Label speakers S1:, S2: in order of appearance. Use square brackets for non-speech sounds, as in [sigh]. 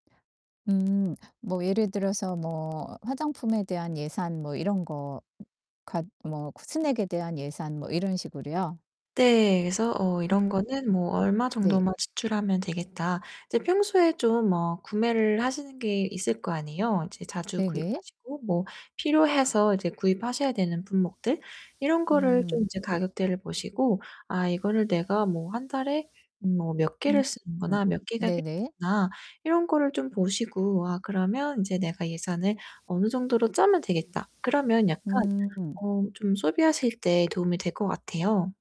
S1: 음 뭐 예를 들어서 뭐 화장품에 대한 예산 뭐 이런 거 갓 뭐 스낵에 대한 예산 뭐 이런 식으로요?
S2: 네 그래서 '어
S1: 음.
S2: 이런
S1: [unintelligible]
S2: 거는 뭐 얼마
S1: 네.
S2: 정도만 지출하면 되겠다.' 이제 평소에 좀 뭐 구매를 하시는 게 있을 거 아니에요. 이제 자주
S1: 네네.
S2: 구입하시고 뭐 필요해서 이제 구입하셔야 되는 품목들 이런 거를 좀
S1: 음.
S2: 이제 가격대를 보시고 '아 이거를 내가 뭐 1 달에 음 뭐 몇 개를 쓰는구나. 몇
S1: [unintelligible]
S2: 개가
S1: 네네.
S2: 필요하구나.' 이런 거를 좀 보시고 '와 그러면 인제 내가 예산을 어느 정도로 짜면 되겠다.' 그러면 약간
S1: [unintelligible]
S2: 어 좀 소비하실 때 도움이 될 것 같아요.